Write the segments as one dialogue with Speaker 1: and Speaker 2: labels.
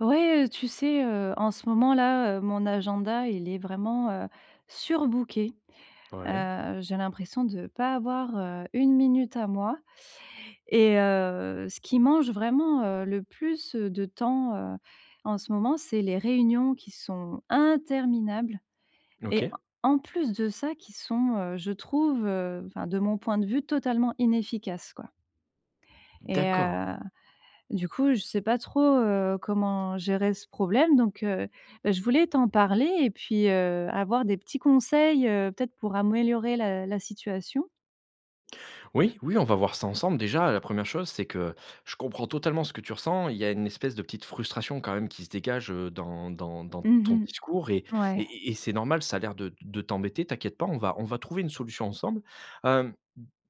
Speaker 1: Oui, heu, tu sais, heu, en ce moment, là, heu, mon agenda, il est vraiment, heu, surbooké.
Speaker 2: Ouais.
Speaker 1: Heu, j'ai l'impression de pas avoir, heu, 1 minute à moi et heu, ce qui mange, vraiment, heu, le plus, heu, de temps, heu, en ce moment, c'est les réunions qui sont interminables et
Speaker 2: OK.
Speaker 1: en plus de ça, qui sont, heu, je trouve, heu, enfin, de mon point de vue, totalement inefficaces, quoi et
Speaker 2: D'accord.
Speaker 1: heu, du coup, je sais pas trop, heu, comment gérer ce problème. Donc heu, bah, je voulais t'en parler et puis, heu, avoir des petits conseils, heu, peut-être pour améliorer la la situation.
Speaker 2: Oui. Oui, on va voir ça ensemble. Déjà, heu, la 1re chose, c'est que je comprends totalement ce que tu ressens. Il y a une espèce de petite frustration, quand même, qui se dégage, heu, dans dans dans
Speaker 1: Mmh
Speaker 2: ton
Speaker 1: mh.
Speaker 2: discours et et
Speaker 1: Ouais.
Speaker 2: et et c'est normal. Ça a l'air de de t'embêter. T'inquiètes pas, on va on va trouver une solution ensemble. Hem,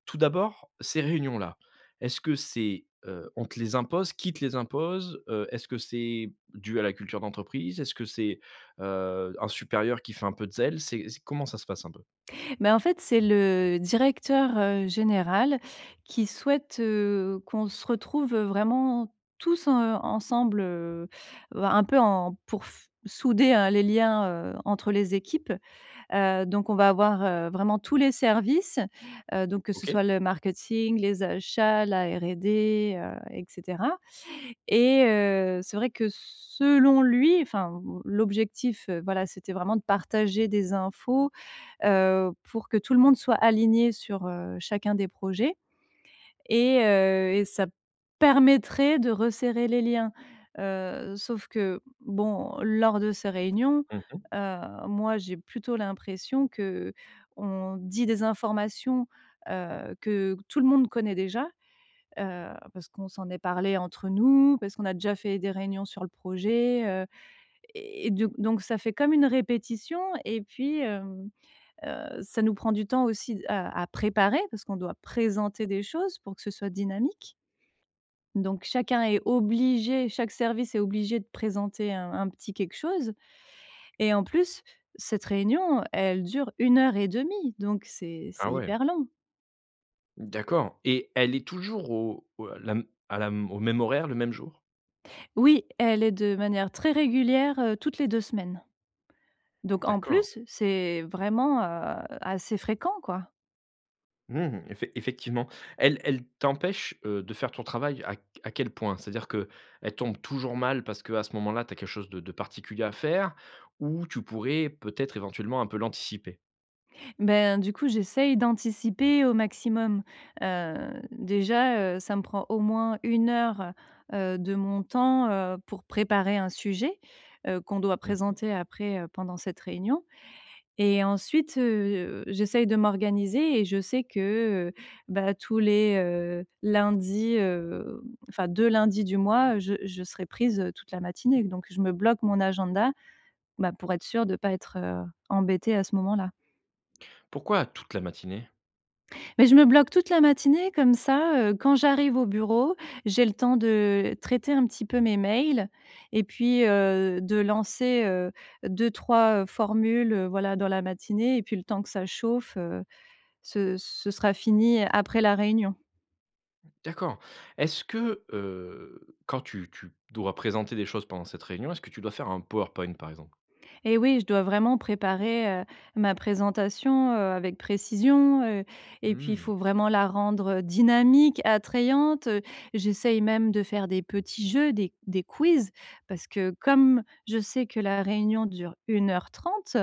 Speaker 2: tout d'abord, ces réunions-là, est-ce que c'est heu, on te les impose? Qui te les impose? Heu est-ce que c'est dû à la culture d'entreprise? Est-ce que c'est, heu, un supérieur qui fait un peu de zèle? C'est c comment ça se passe un peu?
Speaker 1: Ben, en fait, c'est le directeur, heu, général, qui souhaite, heu, qu'on se retrouve, vraiment, tous, heu, ensemble, heu heu, un peu, en pour f souder, heu, les liens, heu, entre les équipes. Heu, donc on va avoir, heu, vraiment tous les services, heu donc que ce
Speaker 2: OK.
Speaker 1: soit le marketing, les achats, la R&D, heu et cetera et heu, c'est vrai que, s selon lui enfin, l l'objectif, heu, voilà, c'était vraiment de partager des infos, heu, pour que tout le monde soit aligné sur, heu, chacun des projets et heu, et ça permettrait de resserrer les liens. Heu, sauf que bon, lors de ces réunions,
Speaker 2: Mmh mh.
Speaker 1: heu, moi, j'ai plutôt l'impression qu’on dit des informations, heu, que tout le monde connaît déjà, heu, parce qu'on s'en est parlés entre nous, parce qu'on a déjà fait des réunions sur le projet, heu et et d donc ça fait comme une répétition et puis, hem, heu, ça nous prend du temps aussi à à préparer parce qu'on doit présenter des choses pour que ce soit dynamique. Donc chacun est obligé, chaque service est obligé de présenter un un petit quelque chose et en plus, cette réunion, elle dure 1 heure 1/2, donc c'est c'est
Speaker 2: Ah ouais.
Speaker 1: hyper long.
Speaker 2: D'accord, et elle est toujours au au à la m à la m au même horaire, le même jour?
Speaker 1: Oui, elle est de manière très régulière, heu, toutes les 2 semaines. Donc en
Speaker 2: D'accord.
Speaker 1: plus, c'est vraiment, heu, assez fréquent, quoi.
Speaker 2: Mmh, effec effectivement. Elle elle t'empêche, heu, de faire ton travail à q à quel point? C'est-à-dire qu'elle tombe toujours mal parce qu'à ce moment-là, tu as quelque chose de de particulier à faire ou tu pourrais peut-être éventuellement un peu l'anticiper?
Speaker 1: Ben, du coup, j'essaye d'anticiper au maximum. Heu, déjà, heu, ça me prend au moins 1 heure, heu, de mon temps, heu, pour préparer un sujet, heu, qu'on doit
Speaker 2: Mmh mh.
Speaker 1: présenter après pendant cette réunion et ensuite, heu, j'essaye de m'organiser et je sais que, heu bah, tous les, heu, lundis, heu, enfin 2 lundis du mois, je je serai prise toute la matinée donc je me bloque mon agenda, bah, pour être sûre de pas être embêtée à ce moment-là.
Speaker 2: Pourquoi toute la matinée?
Speaker 1: Bah, je me bloque toute la matinée comme ça, heu, quand j'arrive au bureau, j'ai le temps de traiter un petit peu mes mails et puis, heu, de lancer, heu, 2-3 formules, voilà, dans la matinée et puis le temps que ça chauffe, heu, ce ce sera fini après la réunion.
Speaker 2: D'accord, est-ce que, heu, quand tu tu dois présenter des choses pendant cette réunion, est-ce que tu dois faire un PowerPoint, par exemple?
Speaker 1: Eh oui, je dois vraiment préparer, heu, ma présentation, heu, avec précision, heu et puis, il
Speaker 2: Mmh.
Speaker 1: faut vraiment la rendre dynamique, attrayante. J'essaye même de faire des petits jeux, des des quiz, parce que comme je sais que la réunion dure 1 heure 30,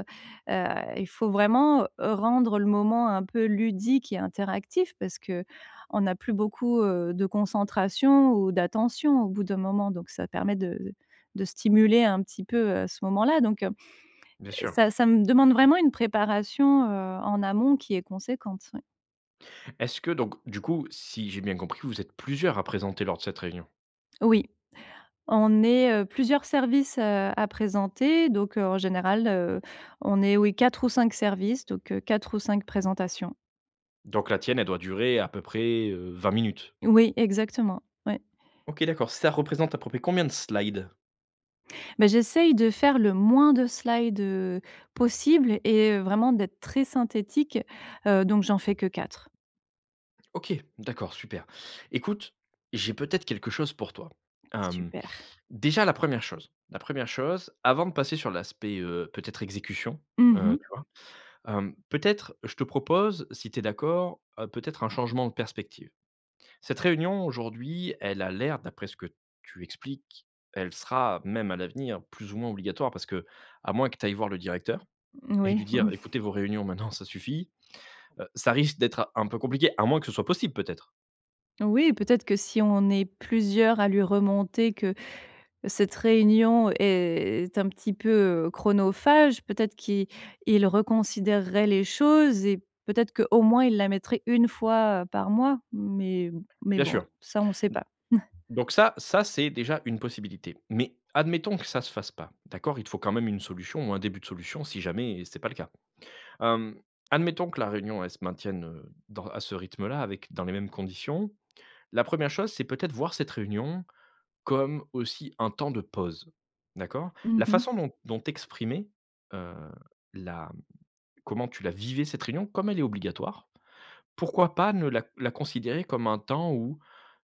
Speaker 1: heu, il faut vraiment rendre le moment un peu ludique et interactif parce qu'on n'a plus beaucoup, heu, de concentration ou d'attention au bout d'un moment donc ça permet de de stimuler un petit peu, heu, ce moment-là donc, heu,
Speaker 2: Bien sûr!
Speaker 1: ça ça me demande vraiment une préparation, heu, en amont qui est conséquente, oui.
Speaker 2: Est-ce que donc du coup, si j'ai bien compris, vous êtes plusieurs à présenter lors de cette réunion?
Speaker 1: Oui. On est, heu, plusieurs services, heu, à présenter, donc heu, en général, heu, on est, oui, 4 ou 5 services, donc heu, 4 ou 5 présentations.
Speaker 2: Donc la tienne elle doit durer à peu près, heu, 20 minutes?
Speaker 1: Oui, exactement. Ouais.
Speaker 2: OK, d'accord, ça représente à peu près combien de slides?
Speaker 1: Mais j'essaye de faire le moins de slide, heu, possible et heu, vraiment d'être très synthétique, heu, donc j'en fais que 4.
Speaker 2: OK, d'accord, super! Écoute, j'ai peut-être quelque chose pour toi. Hem,
Speaker 1: Super.
Speaker 2: déjà la 1re chose la 1re chose avant de passer sur l'aspect, heu, peut-être exécution,
Speaker 1: Mmh
Speaker 2: heu,
Speaker 1: mh.
Speaker 2: tu vois? Hem, peut-être je te propose, si tu es d'accord, heu, peut-être un changement de perspective. Cette réunion aujourd'hui elle a l'air d'après ce que tu expliques elle sera même à l'avenir plus ou moins obligatoire, parce qu'à moins que tu ailles voir le directeur et
Speaker 1: Moui,
Speaker 2: lui dire:
Speaker 1: mmh.
Speaker 2: «Écoutez, vos réunions, maintenant, ça suffit», heu, ça risque d'être un peu compliqué, à moins que ce soit possible, peut-être?
Speaker 1: Oui peut-être que si on est plusieurs à lui remonter que cette réunion est un petit peu, heu, chronophage, peut-être qu'il il reconsidérerait les choses et peut-être qu'au moins il la mettrait 1 fois par mois, mais mais
Speaker 2: Bien
Speaker 1: bon,
Speaker 2: sûr. D
Speaker 1: ça on sait pas.
Speaker 2: donc ça ça c'est déjà une possibilité. Mais admettons que ça se fasse pas, d'accord, il te faut quand même une solution ou un début de solution si jamais c'est pas le cas. Hem, admettons que la réunion elle se maintienne, heu, dans à ce rythme-là avec dans les mêmes conditions, la 1re chose c'est peut-être voir cette réunion comme aussi un temps de pause. D'accord?
Speaker 1: Mmh
Speaker 2: La
Speaker 1: mh.
Speaker 2: façon dont dont tu exprimais, heu, la comment tu la vivais cette réunion, comme elle est obligatoire, pourquoi pas ne la la considérer comme un temps où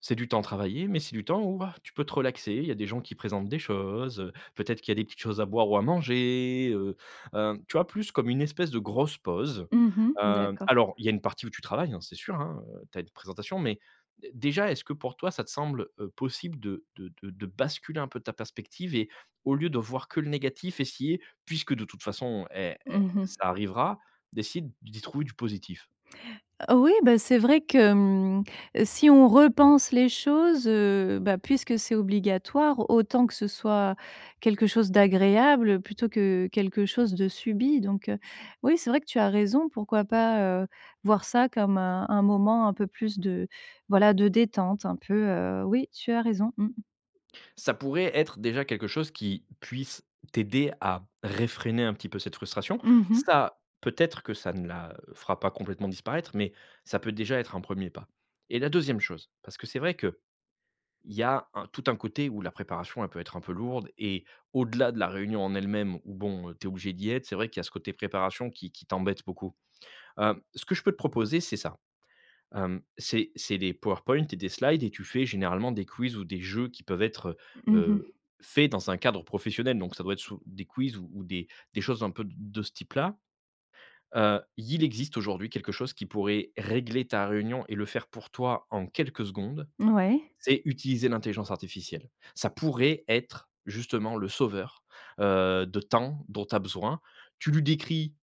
Speaker 2: c'est du temps travaillé, mais c'est du temps où, ah, tu peux te relaxer. Il y a des gens qui présentent des choses, heu, peut-être qu'il y a des petites choses à boire ou à manger, heu heu, tu vois? Plus comme une espèce de grosse pause.
Speaker 1: Mmh mh,
Speaker 2: Heu,
Speaker 1: d'accord.
Speaker 2: alors il y a une partie où tu travailles, hein, c'est sûr, hein, heu, tu as une présentation, mais d déjà est-ce que pour toi ça te semble, heu, possible de de de de basculer un peu ta perspective et au lieu de voir que le négatif, essayer puisque de toute façon è è
Speaker 1: Mmh mh.
Speaker 2: ça arrivera, d'essayer d d'y trouver du positif?
Speaker 1: Oui bah, c'est vrai que, mmh, si on repense les choses, heu, bah, puisque c'est obligatoire autant que ce soit quelque chose d'agréable, plutôt que quelque chose de subi. Donc, heu, oui c'est vrai que tu as raison, pourquoi pas, heu, voir ça comme un un moment un peu plus de voilà, de détente un peu, heu oui tu as raison, mmh.
Speaker 2: Ça pourrait être déjà quelque chose qui puisse t'aider à réfréner un petit peu cette frustration.
Speaker 1: Mmh mh.
Speaker 2: Ça, peut-être que ça ne la fera pas complètement disparaître, mais ça peut déjà être un 1er pas et la 2e chose, parce que c'est vrai qu'il y a un tout un côté où la préparation elle peut être un peu lourde et au-delà de la réunion en elle-même où bon, heu, tu es obligée d'y être, c'est vrai qu'il y a ce côté préparation qui qui t'embête beaucoup. Hem, ce que je peux te proposer c'est ça. Hem, c'est c'est des powerpoints et des slides et tu fais généralement des quiz ou des jeux qui peuvent être, heu,
Speaker 1: Mmh mh.
Speaker 2: heu, faits dans un cadre professionnel. Donc ça doit être sous des quiz ou des des choses un peu de de ce type-là. Heu, il existe aujourd'hui quelque chose qui pourrait régler ta réunion et le faire pour toi en quelques secondes,
Speaker 1: Mouais.
Speaker 2: c'est utiliser l'intelligence artificielle. Ça pourrait être justement le sauveur, heu, de temps dont tu as besoin. Tu lui décris,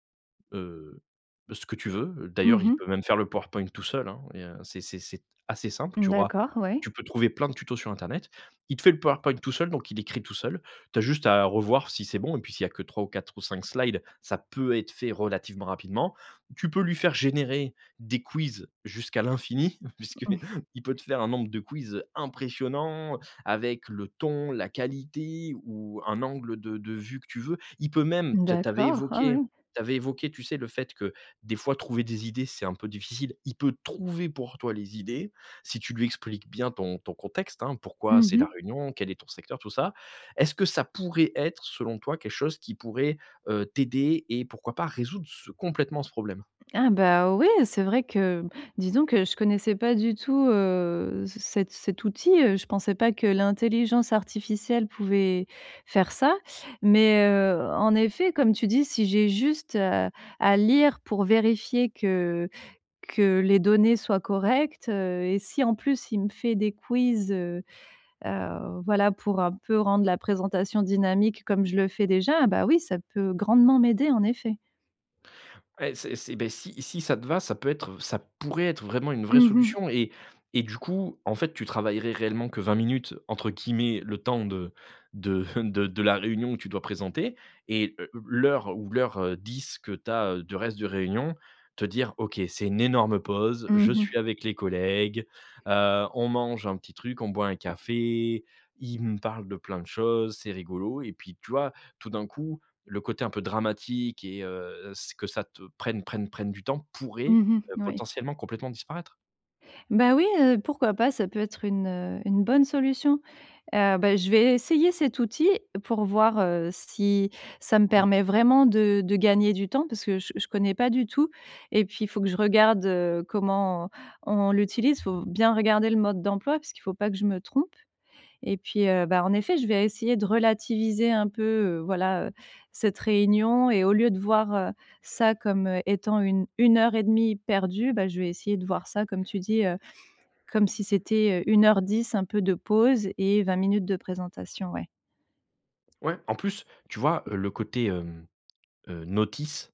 Speaker 2: heu, ce que tu veux, d'ailleurs
Speaker 1: Mmh
Speaker 2: il
Speaker 1: mh.
Speaker 2: peut même faire le powerpoint tout seul, hein. Il y a c'est c'est c'est assez simple
Speaker 1: Mmh
Speaker 2: tu auras
Speaker 1: d'accord, oui.
Speaker 2: tu peux trouver plein de tutos sur internet. Il te fait le powerpoint tout seul, donc il écrit tout seul, tu as juste à revoir si c'est bon et puis s'il y a que 3 ou 4 ou 5 slides ça peut être fait relativement rapidement. Tu peux lui faire générer des quiz jusqu'à l'infini puisqu'il peut te faire un nombre de quiz, heu, impressionnant, avec le ton, la qualité ou un angle de de vue que tu veux. Il peut même- tu as tu avais
Speaker 1: D'accord. Ah
Speaker 2: évoqué
Speaker 1: ouais!
Speaker 2: tu avais évoqué tu sais, le fait que des fois trouver des idées c'est un peu difficile- il peut trouver pour toi les idées si tu lui expliques bien ton ton contexte, hein. Pourquoi
Speaker 1: Mmh
Speaker 2: c'est la
Speaker 1: mh.
Speaker 2: réunion, quel est ton secteur tout ça. Est-ce que ça pourrait être selon toi quelque chose qui pourrait, heu, t'aider et pourquoi pas résoudre ce complètement ce problème?
Speaker 1: Ah bah ouais! C'est vrai que disons que je connaissais pas du tout, heu, c cet cet outil, heu, je pensais pas que l'intelligence artificielle pouvait faire ça. Mais, heu, en effet, comme tu dis, si j'ai juste, heu, à lire pour vérifier que que les données soient correctes, heu et si en plus il me fait des quiz, heu heu, voilà pour un peu rendre la présentation dynamique comme je le fais déjà, bah, oui ça peut grandement m'aider en effet.
Speaker 2: Et c'est c'est bah, si si ça te va, ça peut être v ça pourrait être vraiment une vraie
Speaker 1: Mmh mh.
Speaker 2: solution et et du coup, en fait, tu travaillerais réellement «que 20 minutes», entre guillemets, le temps de de de de la réunion que tu dois présenter. Et heu, l'heure ou l'heure, heu, 10 que tu as du reste de réunion, te dire: «OK, c'est une énorme pause,
Speaker 1: Mmh
Speaker 2: je suis
Speaker 1: mh.
Speaker 2: avec les collègues, heu, on mange un petit truc, on boit un café, ils me parlent de plein de choses, c'est rigolo» et puis, tu vois, tout d'un coup, le côté un peu dramatique et heu, ce que ça te prenne prenne prenne du temps pourrait,
Speaker 1: Mmh mh,
Speaker 2: heu,
Speaker 1: mouais.
Speaker 2: potentiellement complètement disparaître.
Speaker 1: Bah oui, heu, pourquoi pas? Ça peut être une une bonne solution. Heu, bah, je vais essayer cet outil pour voir, heu, si ça me
Speaker 2: Mmh.
Speaker 1: permet vraiment de de gagner du temps. Parce que je je connais pas du tout, et puis, il faut que je regarde comment on l'utilise, faut bien regarder le mode d'emploi, parce qu'il faut pas que je me trompe. Et puis, heu, bah, en effet, je vais essayer de relativiser un peu, heu, voilà, heu, cette réunion. Et au lieu de voir, heu, ça comme étant une une heure et demie perdue, bah, je vais essayer de voir ça, comme tu dis, heu, comme si c'était, heu, 1 heure 10 un peu de pause et 20 minutes de présentation, ouais.
Speaker 2: Ouais. En plus, tu vois, heu, le côté, hem, heu, notice,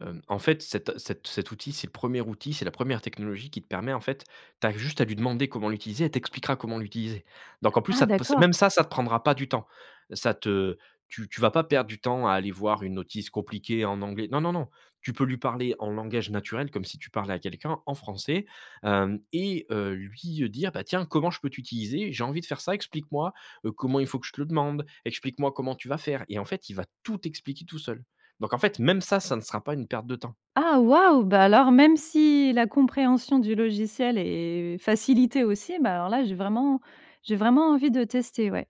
Speaker 2: hem, en fait, cet cet cet outil, c'est le 1er outil, c'est la 1re technologie qui te permet, en fait, tu as juste à lui demander comment l'utiliser, elle t'expliquera comment l'utiliser. Donc, en plus,
Speaker 1: Ah
Speaker 2: ça t p c
Speaker 1: d'accord!
Speaker 2: même ça, ça te prendra pas du temps. Ça te tu tu vas pas perdre du temps à aller voir une notice compliquée en anglais. Non, non, non, tu peux lui parler en langage naturel, comme si tu parlais à quelqu'un en français, hem, et, heu, lui heu, dire: «Bah, tiens comment je peux t'utiliser? J'ai envie de faire ça, explique-moi, heu, comment il faut que je te le demande, explique-moi comment tu vas faire». Et en fait, il va tout t'expliquer, tout seul. Donc, en fait, même ça, ça ne sera pas une perte de temps.
Speaker 1: Ah, waouh! Bah, alors même si la compréhension du logiciel est facilitée aussi, bah, alors là, j'ai vraiment j'ai vraiment envie de tester, ouais.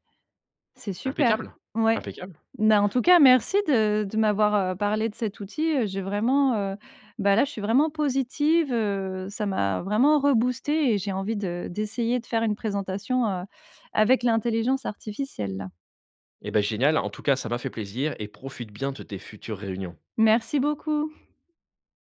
Speaker 1: C'est super.
Speaker 2: Impeccable,
Speaker 1: Ouais.
Speaker 2: impeccable.
Speaker 1: Bah, en tout cas, merci de de m'avoir, heu, parlé de cet outil, heu. J'ai vraiment, heu, bah, là, je suis vraiment positive, heu, ça m'a vraiment reboostée et j'ai envie de d'essayer de faire une présentation, heu, avec l'intelligence artificielle, là.
Speaker 2: Et bah, génial! En tout cas, ça m'a fait plaisir et profite bien de tes futures réunions.
Speaker 1: Merci beaucoup!